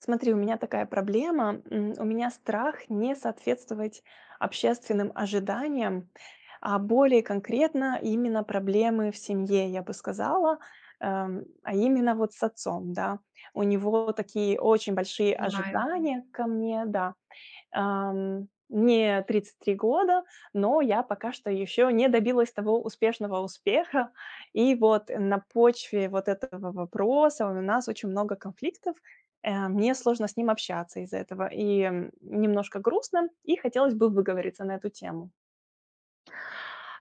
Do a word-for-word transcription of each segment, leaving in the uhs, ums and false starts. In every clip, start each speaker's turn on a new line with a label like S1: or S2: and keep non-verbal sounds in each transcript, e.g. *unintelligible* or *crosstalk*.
S1: Смотри, у меня такая проблема. М, у меня страх не соответствовать общественным ожиданиям. А более конкретно- именно проблемы в семье, я бы сказала. Э, м, а именно вот с отцом, да. У него такие очень большие
S2: Понимаю.
S1: ожидания ко мне, да. Эм, мне тридцать три года, но я пока что еще не добилась того успешного успеха. И вот на почве вот этого вопроса у нас очень много конфликтов, э, мне сложно с ним общаться из-за этого и немножко грустно, и хотелось бы выговориться на эту тему.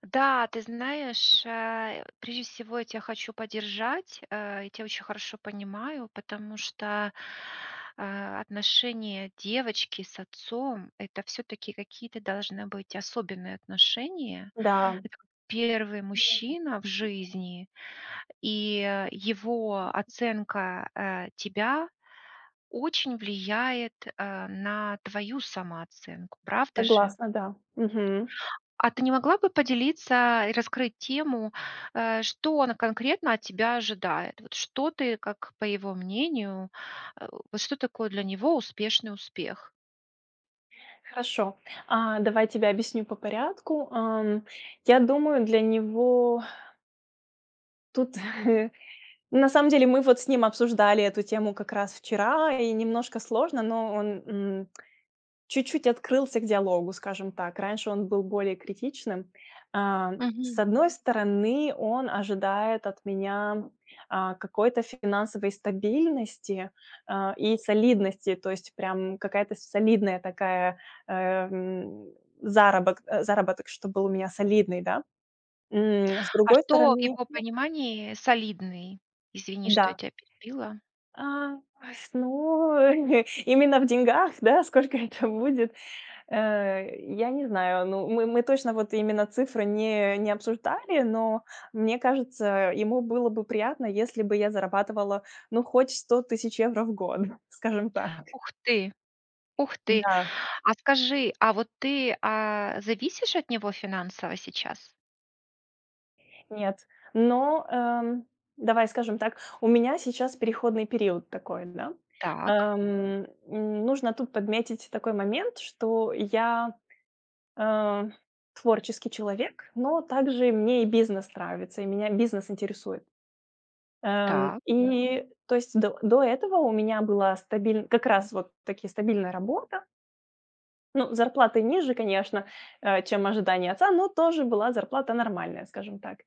S2: Да, ты знаешь, э, прежде всего я тебя хочу поддержать, э, я тебя очень хорошо понимаю, потому что, э, отношения девочки с отцом- это всё-таки какие-то должны быть особенные отношения.
S1: Да.
S2: Эт первый мужчина в жизни, и его оценка, э, тебя очень влияет, э, на твою самооценку, правда же?
S1: Согласна, да. Мгм.
S2: А ты не могла бы поделиться и раскрыть тему, э, что он конкретно от тебя ожидает? Вот что ты, как по его мнению, э вот что такое для него успешный успех?
S1: Хорошо, а, давай я тебе объясню по порядку. Ам, я думаю, для него. Тут, *chuckles* ну, на самом деле, мы вот с ним обсуждали эту тему как раз вчера, и немножко сложно, но он, м, чуть-чуть открылся к диалогу, скажем так. Раньше он был более критичным. А, с
S2: Мгм.
S1: одной стороны, он ожидает от меня, а, какой-то финансовой стабильности, а, и солидности, то есть прям какая-то солидная такая, э, м, заработ заработок, чтоб был у меня солидный, да. М, с
S2: А
S1: другой
S2: что в
S1: стороны.
S2: его
S1: *unintelligible*
S2: понимании "солидный"? Извини, что я
S1: Да.
S2: тя перебила.
S1: А, ой, с ной именно в деньгах, да, сколько это будет, э, я не знаю. Ну, мы мы точно, вот, именно цифры не не обсуждали, но мне кажется, ему было бы приятно, если бы я зарабатывала, ну, хоть сто тысяч евро в год, *chuckles* скажем так.
S2: Ух ты! Ух ты!
S1: Да.
S2: А скажи, а вот ты, а, зависишь от него финансово сейчас?
S1: Нет, но, э, давай скажем так, у меня сейчас переходный период такой, да.
S2: Так.
S1: Эм, м, нужно тут подметить такой момент, что я, э, творческий человек, но также мне и бизнес нравится, и меня бизнес интересует. Эм,
S2: Та.
S1: и то есть до до этого у меня была стабиль как раз вот таки стабильная работа. Ну, зарплаты ниже, конечно, э, чем ожидание отца, но тоже была зарплата нормальная, скажем так.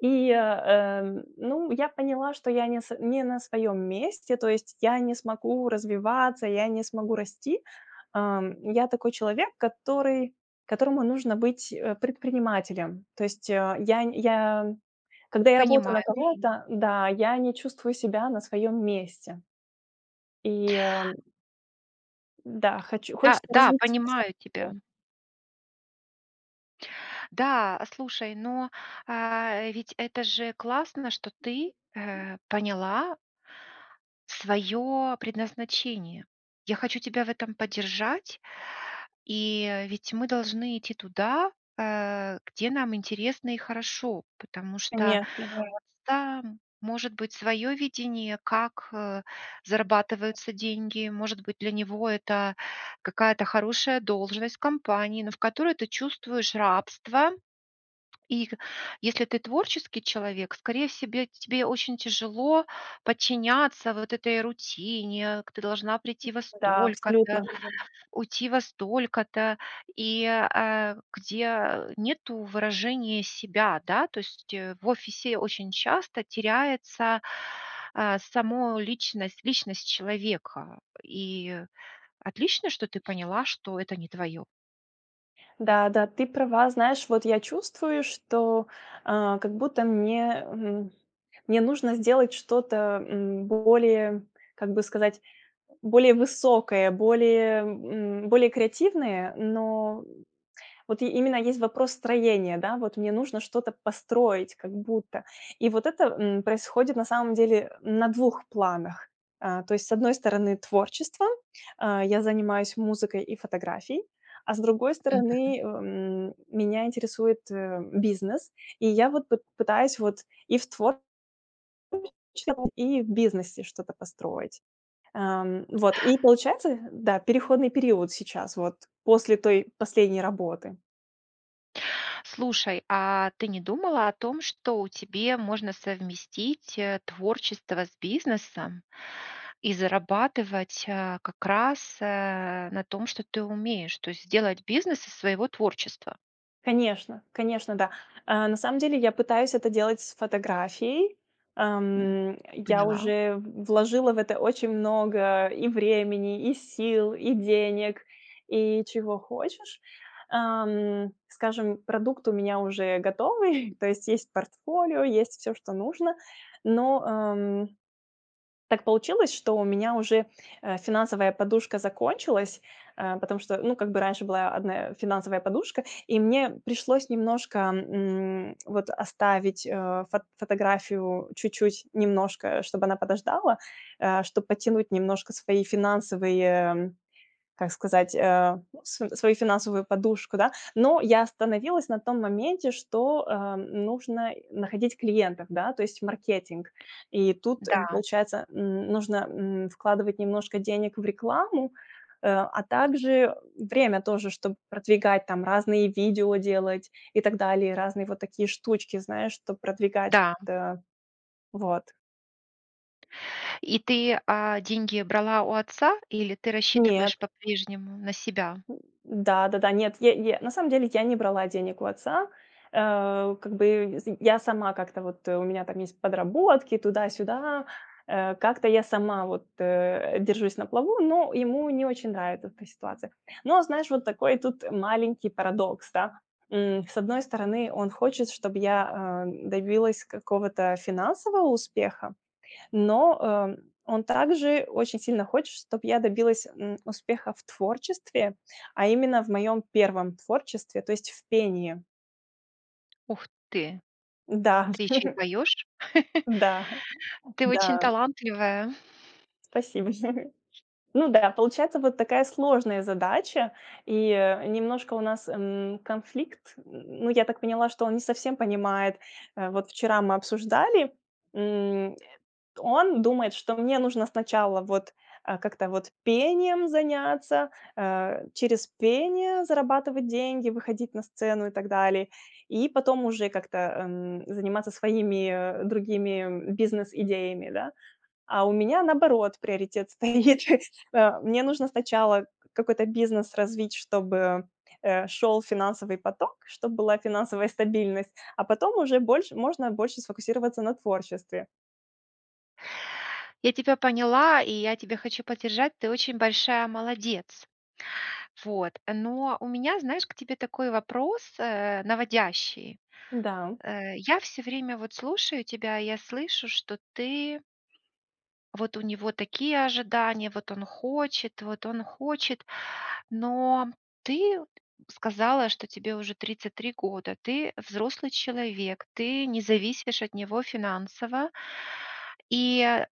S1: И, э, ну, я поняла, что я не с не на своем месте. То есть я не смогу развиваться, я не смогу расти. А, я такой человек, который которому нужно быть, э, предпринимателем. То есть, а, я нь я, когда я работаю на
S2: Понимаю.
S1: кого-то, да, я не чувствую себя на своем месте. И Да, хочу
S2: Да
S1: хочется
S2: да,
S1: развиться на.
S2: понимаю тебя.
S1: *unintelligible*
S2: Да, а, слушай, но, а ведь это же классно, что ты, э, поняла своё предназначение. Я хочу тебя в этом поддержать, и, э, ведь мы должны идти туда, э, где нам интересно и хорошо, потому что
S1: Конечно, да.
S2: *unintelligible* там может быть своё видение, как, э, зарабатываются деньги, может быть, для него это какая-то хорошая должность в компании, но в которой ты чувствуешь рабство. И, х если ты творческий человек, скорее в себе, тебе очень тяжело подчиняться вот этой рутине, к ты должна прийти во
S1: Да, абсолютно.
S2: столько-то, уйти во столько-то, и, э, а, где, а, нету выражения себя. Да, то есть, э, в офисе очень часто теряется, а, само личность личность человека. И отлично, что ты поняла, что это не твоё.
S1: Да да, ты права. Знаешь, вот я чувствую, что, а, как будто мне, эм, мне нужно сделать что-то, м, более, как бы сказать, более высокое, более, м, более креативное, но, м, вот и именно есть вопрос строения. Да, вот мне нужно что-то построить как будто. И вот это, м, происходит на самом деле, э, на двух планах. А, то есть, с одной стороны, творчество- а, я занимаюсь музыкой и фотографией- а с другой
S2: Мгм.
S1: стороны, э, м, меня интересует, эм, бизнес, и я вот пыт пытаюсь вот и в твор *unintelligible* и в бизнесе что-то построить. Ам, вот и получается, эх, да, переходный период сейчас вот после той последней работы.
S2: Слушай, а ты не думала о том, что у тебе можно совместить, э, творчество с бизнесом и зарабатывать, а, как раз, э, на том, что ты умеешь, то есть сделать бизнес из своего творчества?
S1: Конечно, конечно, да. А, на самом деле я пытаюсь это делать с фотографией.
S2: М,
S1: Ам, э, я
S2: поняла.
S1: уже в вложила в это очень много и времени, и сил, и денег, и чего хочешь. Ам, скажем, продукт у меня уже готовый, *chuckles* то есть есть портфолио, есть всё, что нужно. Но, эм, так получилось, что у меня уже, э, финансовая подушка закончилась, э, потому что, ну, как бы раньше была одна, э, финансовая подушка, и мне пришлось немножко, м, вот оставить, э, фот фотографию чуть-чуть немножко, чтобы она подождала, э, чтоб подтянуть немножко свои финансовые, м, как сказать, э, ну, св свою финансовую подушку, да. Но я остановилась на том моменте, что, э, нужно находить клиентов, да, то есть в маркетинг. И тут, э,
S2: Да.
S1: получается, н нужно, м, вкладывать немножко денег в рекламу, э, а также, время тоже, чтоб продвигать там разные видео делать и так далее, разные вот такие штучки, знаешь, чтоб продвигать
S2: Да, м.
S1: та вот.
S2: И ты, а, деньги брала у отца? Или ты
S1: Нет.
S2: рассчитываешь по-прежнему на себя?
S1: М, да да-да. Нет, е е на самом деле я не брала денег у отца. Ау, как бы, сынь, я сама как-то вот, э, у меня там есть подработки, туда-сюда. Э, как-то я сама вот, э, держусь на плаву, но ему не очень нравит эта ситуация. Но знаешь, вот такой тут маленький парадокс, та. М, с одной стороны, он хочет, чтоб я, ам, добилась какого-то финансового успеха, но, эм, он также очень сильно хочет, чтоб я добилась, м, успеха в творчестве, а именно в моем первом творчестве, то есть в пении.
S2: Ух ты!
S1: Да.
S2: Ты ещё и
S1: *chuckles*
S2: поёшь.
S1: Да
S2: *chuckles* Ты очень
S1: да.
S2: талантливая.
S1: Спасибо. *laughs* Ну да, получается вот такая сложная задача, и, э, немножко у нас, м, конфликт. Н н ну, я так поняла, что он не совсем понимает. Вот вчера мы обсуждали, м. Он думает, что мне нужно сначала вот, а, как-то вот пением заняться, а, через пение зарабатывать деньги, выходить на сцену и так далее, и потом уже как-то, ам, заниматься своими, э, другими бизнес-идеями, да. А у меня наоборот приоритет стоит. А мне нужно сначала какой-то бизнес развить, чтобы, а, шел финансовый поток, чтобы была финансовая стабильность, а потом уже больше можно больше сфокусироваться на творчестве.
S2: Я тебя поняла, и я тебя хочу поддержать, ты очень большая молодец. Вот. Но у меня, знаешь, к тебе такой вопрос, э, наводящий.
S1: Да.
S2: Э, я всё время вот слушаю тебя, я слышу, что ты Вот у него такие ожидания, вот он хочет, вот он хочет. Но ты сказала, что тебе уже тридцать три года, ты взрослый человек, ты не зависишь от него финансово. И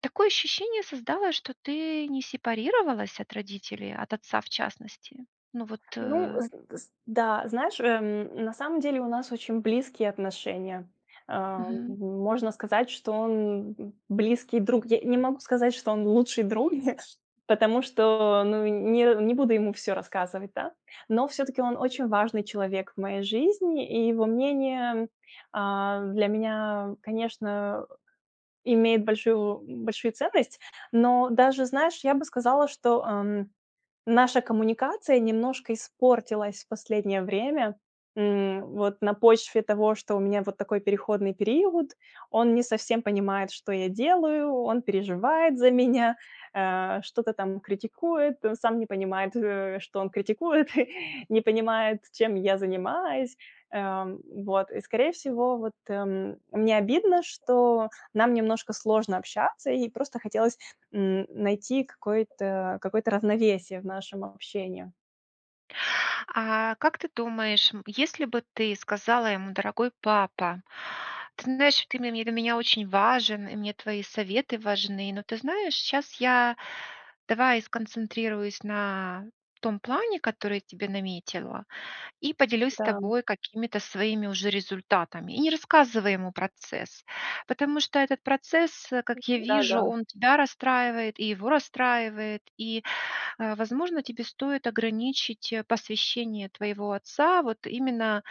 S2: такое ощущение создалось, что ты не сепарировалась от родителей, от отца в частности. Ну вот,
S1: Ну,
S2: э
S1: з с да, знаешь, эм, на самом деле у нас очень близкие отношения. Ам,
S2: Мгм.
S1: можно сказать, что он близкий друг. Я не могу сказать, что он лучший друг, *chuckles* потому что, ну, не не буду ему всё рассказывать, да. Но всё-таки он очень важный человек в моей жизни, и его мнение, м, а, для меня, конечно, э, имеет большую большую ценность. Но даже, знаешь, я бы сказала, что, ам, наша коммуникация немножко испортилась в последнее время. М. Вот на почве того, что у меня вот такой переходный период, он не совсем понимает, что я делаю, он переживает за меня, а, что-то там критикует, он сам не понимает, что, э, он критикует, *chuckles* не понимает, чем я занимаюсь. Ам, вот. И скорее всего, вот, эм, мне обидно, что нам немножко сложно общаться, и просто хотелось н найти какое-то какое-то равновесие в нашем общении.
S2: А как ты думаешь, м, если бы ты сказала ему: "Дорогой папа, ты знаешь, что ты ме ты для меня очень важен, и мне твои советы важны, но ты знаешь, щас я давай сконцентрируюсь на том плане, который тебе наметила, и поделюсь с
S1: Дам.
S2: тобой какими-то своими уже результатами". И не рассказывай ему процесс, потому что этот процесс, э, как я вижу,
S1: Да-да.
S2: он тебя расстраивает и его расстраивает. И, а, возможно, тебе стоит ограничить, а, посвящение твоего отца вот именно,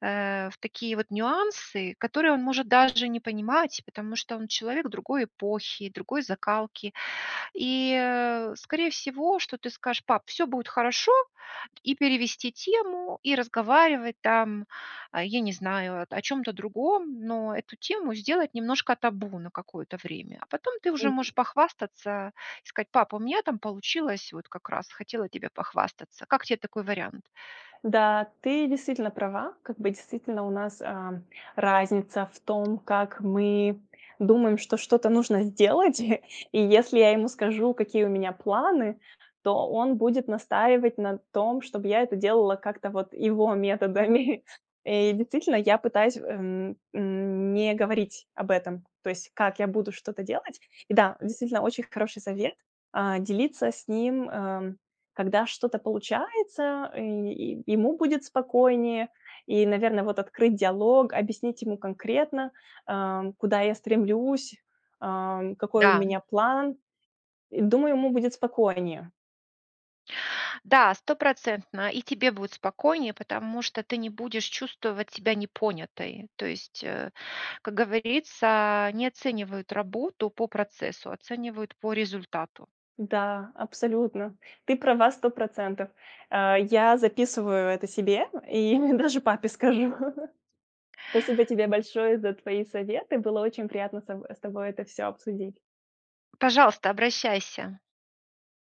S2: а, в такие вот нюансы, которые он может даже не понимать, потому что он человек другой эпохи, другой закалки. И, э, скорее всего, что ты скажешь: "Пап, всё будет хорошо". И перевести тему, и разговаривать там, а, я не знаю, о чём-то другом, но эту тему сделать немножко табу на какое-то время. А потом ты уже
S1: Мгм.
S2: можешь похвастаться и сказать: "Папа, у меня там получилось, вот как раз хотела тебе похвастаться". Как тебе такой вариант?
S1: Да, ты действительно права. Как бы действительно у нас, а, разница в том, как мы думаем, что что-то нужно сделать. И если я ему скажу, какие у меня планы, то он будет настаивать на том, чтобы я это делала как-то вот его методами. И действительно, я пытаюсь, эм, м, не говорить об этом. То есть, как я буду что-то делать. И да, действительно, очень хороший совет- а, делиться с ним, эм, когда что-то получается, э, и ему будет спокойнее. И, наверное, вот открыть диалог, объяснить ему конкретно, ам, куда я стремлюсь, ам, какой у
S2: Да.
S1: меня план. Думаю, ему будет спокойнее.
S2: Да, стопроцентно и тебе будет спокойнее, потому что ты не будешь чувствовать себя непонятой. То есть, а, как говорится, не оценивают работу по процессу, оценивают по результату.
S1: Да, абсолютно. Ты права на сто процентов. А, я записываю это себе и даже папе скажу. Спасибо тебе большое за твои советы, было очень приятно с тобой с тобой это всё обсудить.
S2: Пожалуйста. Обращайся.